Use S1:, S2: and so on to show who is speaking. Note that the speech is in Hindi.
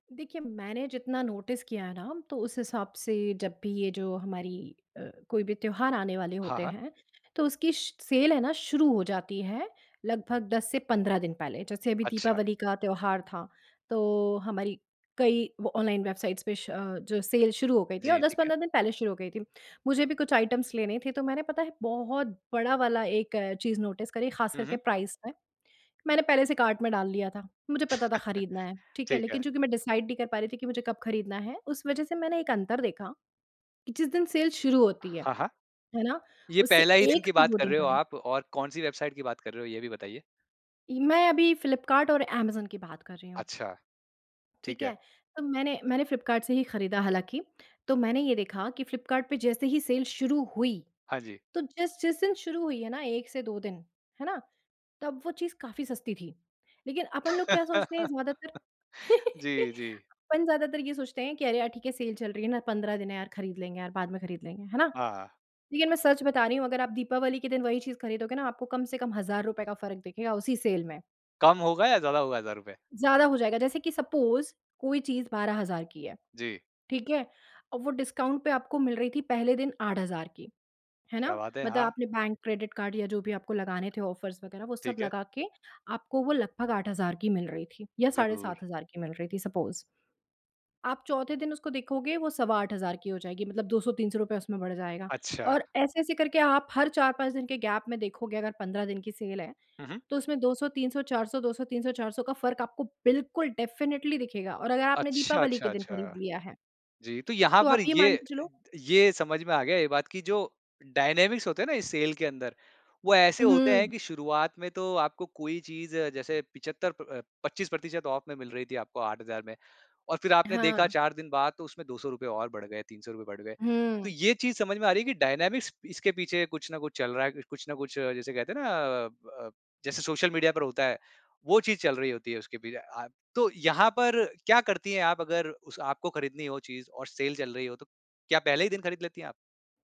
S1: देखिए, मैंने जितना नोटिस किया ना तो उस हिसाब से जब भी ये जो हमारी अ, कोई भी त्योहार आने वाले
S2: हाँ,
S1: होते
S2: हाँ।
S1: हैं, तो उसकी स सेल है ना शुरू हो जाती है लगभग 10 से 15 दिन पहले। जैसे अभी
S2: अच्छा।
S1: दीपावली का त्योहार था, तो हमारी कई व ऑनलाइन वेबसाइट्स पे श जो सेल शुरू हो गई थी और
S2: जी,
S1: दस
S2: ठीक है।
S1: पंद्रह दिन पहले शुरू हो गई थी। मुझे भी कुछ आइटम्स लेने थे तो मैंने पता है बहुत बड़ा वाला एक चीज नोटिस करी, खास
S2: हुँ,
S1: करके
S2: हुँ।
S1: प्राइस में, मैंने पहले से कार्ट में डाल लिया था, मुझे पता था खरीदना है ठीक है,
S2: ठीक है।
S1: लेकिन चूँकि मैं डिसाइड नहीं कर पा रही थी, कि मुझे कब खरीदना है उस वजह से मैंने एक अंतर देखा कि जिस दिन सेल शुरू होती है,
S2: हाँ, हाँ।
S1: है ना
S2: ये
S1: उससे
S2: पहला ही दिन
S1: 1
S2: की
S1: से
S2: बात
S1: 2
S2: कर
S1: दिन
S2: रहे हो
S1: पहले
S2: आप और कौन-सी वेबसाइट की बात कर रहे हो ये भी बताइए?
S1: इ मैं अभी फ्लिपकार्ट और अमेज़न की बात कर रही हूँ।
S2: अच्छा।
S1: ठीक
S2: ठीक
S1: है,
S2: है।
S1: तो मैंने मैंने फ्लिपकार्ट से ही खरीदा हालाँकि, तो मैंने ये देखा कि फ्लिपकार्ट पे जैसे ही सेल शुरू हुई,
S2: हाँ जी।
S1: तो जिस जिस दिन शुरू हुई है ना, 1 से 2 दिन है ना? तब वो चीज़ काफ़ी सस्ती थी। लेकिन अपन लोग क्या सोचते हैं ज्यादातर
S2: जी, जी।
S1: अपन ज़्यादातर ये सोचते हैं कि अरे! यार ठीक है सेल चल रही है ना 15 दिन है यार, खरीद लेंगे यार, बाद में खरीद लेंगे है ना?
S2: हाँ।
S1: लेकिन मैं सच बता रही हूँ अगर आप दीपावली के दिन वही चीज़ खरीदोगे ना आपको कम से कम हजार रुपए का फ़र्क दिखेगा उसी सेल में।
S2: कम होगा या ज़्यादा होगा हज़ार रुपए?
S1: ज़्यादा हो जाएगा, जैसे कि सपोज़ कोई चीज़ 12,000 की है,
S2: जी।
S1: ठीक है। और वो डिस्काउंट पे आपको मिल रही थी पहले दिन 8000 की है ना,
S2: क्या बात है!
S1: मतलब
S2: हाँ।
S1: आपने बैंक, क्रेडिट कार्ड या जो भी आपको लगाने थे ऑफर्स वगैरह वो सब
S2: ठीक है।
S1: लगा के आपको वो लगभग 8000 की मिल रही थी या साढ़े
S2: ज़रूर।
S1: 7000 की मिल रही थी सपोज़ आप चौथे दिन उसको देखोगे वो सवा 8000 की हो जाएगी, मतलब 200-300 रुपए उसमें बढ़ जाएगा
S2: अच्छा।
S1: और ऐसे-ऐसे करके आप हर 4-5 दिन के गैप में देखोगे, अगर 15 दिन की सेल है,
S2: हुँ, हुँ।
S1: तो उसमें 200, 300, 400, 200, 300, 400, का फ़र्क आपको बिल्कुल डेफिनिटली दिखेगा और अगर आपने
S2: अच्छा,
S1: दीपावली के
S2: अच्छा,
S1: दिन खरीद
S2: अच्छा।
S1: लिया है
S2: जी, तो यहाँ
S1: तो
S2: पर
S1: आप ये मान
S2: ये,
S1: के चलो
S2: ये समझ में आ गया ये बात कि जो डायनामिक्स होते हैं ना, इस सेल के अंदर, वो
S1: उ,
S2: ऐसे होते हैं
S1: हुँ।
S2: कि शुरुआत में तो आपको कोई चीज़ जैसे 75 प पच्चीस प्रतिशत ऑफ में मिल रही थी आपको 8000 में और फिर आपने देखा
S1: हाँ।
S2: 4 दिन बाद तो उसमें ₹200 और बढ़ गए, ₹300 बढ़ गए। तो
S1: हुँ।
S2: ये चीज़ समझ में आ रही है कि डायनामिक्स इसके पीछे कुछ न कुछ चल रहा है, कुछ न कुछ जैसे कहते हैं ना अ अ, जैसे सोशल मीडिया पर होता है वो चीज़ चल रही होती है उसके पीछे अ, तो यहाँ पर क्या करती है आप अगर उस आपको खरीदनी हो चीज़ और सेल चल रही हो तो? क्या पहले ही दिन खरीद लेती हैं आप?